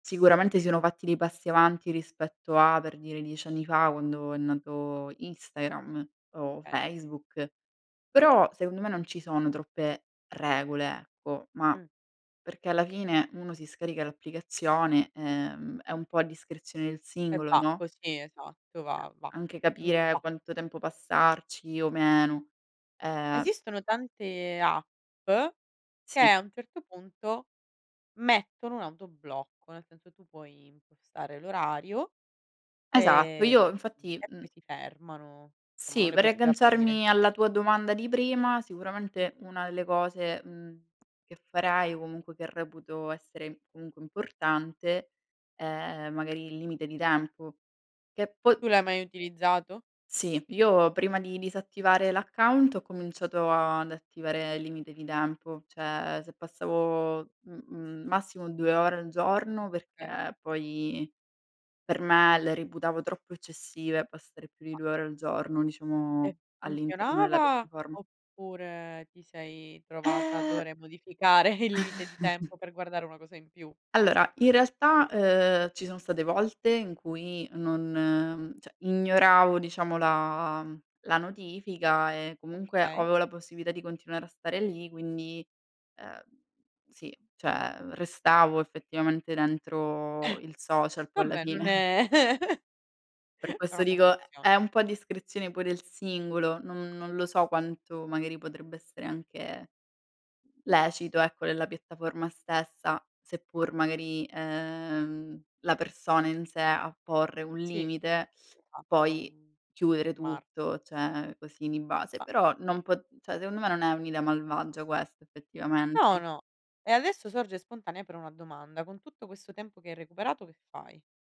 Sicuramente si sono fatti dei passi avanti rispetto a, per dire, 10 anni fa, quando è nato Instagram o Okay. Facebook, però, secondo me non ci sono troppe regole, ecco, ma, Mh. perché alla fine uno si scarica l'applicazione, ehm, è un po' a discrezione del E singolo, va, no? così, esatto, Uhm, va, va. anche capire Va. quanto tempo passarci o meno, ehm Esistono tante App che Sì. a un certo punto mettono un autoblocco, nel senso tu puoi impostare l'orario, Esatto, ehm, io infatti, e mhm poi si fermano, somma non Sì, le per puoi più aprire. riagganciarmi alla tua domanda di prima, sicuramente una delle cose, mhmm, che farai, o comunque che reputo essere, comunque, importante, è magari il limite di tempo. Che poi Tu l'hai mai utilizzato? Sì, io prima di disattivare l'account, ho cominciato ad attivare il limite di tempo. Cioè, se passavo m m massimo 2 ore al giorno, Okay. perché poi, per me le reputavo troppo eccessive, passare più di Ma 2 ore al giorno, E diciamo, all'interno della funzionava, piattaforma. oppure ti sei trovata a Eh dover modificare il limite di tempo, per guardare una cosa in più? Allora in realtà, uhm, ci sono state volte in cui, non cioè ignoravo diciamo la mhmm, la notifica e comunque, Okay. avevo la possibilità di continuare a stare lì, quindi, uhm, sì, cioè restavo effettivamente Eh, dentro il social poi alla vabbè non fine. è Per Era questo una dico, è confessione. è un po' discrezione pure il singolo, non non lo so quanto magari potrebbe essere anche lecito ecco nella piattaforma stessa, seppur magari, uhm, la persona in sé a porre un Sì, uhm, limite, poi [unintelligible] chiudere fermar tutto, cioè così di base. Ma Però non po cioè secondo me, non è un'idea malvagia questa No, effettivamente. no. E adesso sorge spontanea però una domanda, con tutto questo tempo che hai recuperato che fai?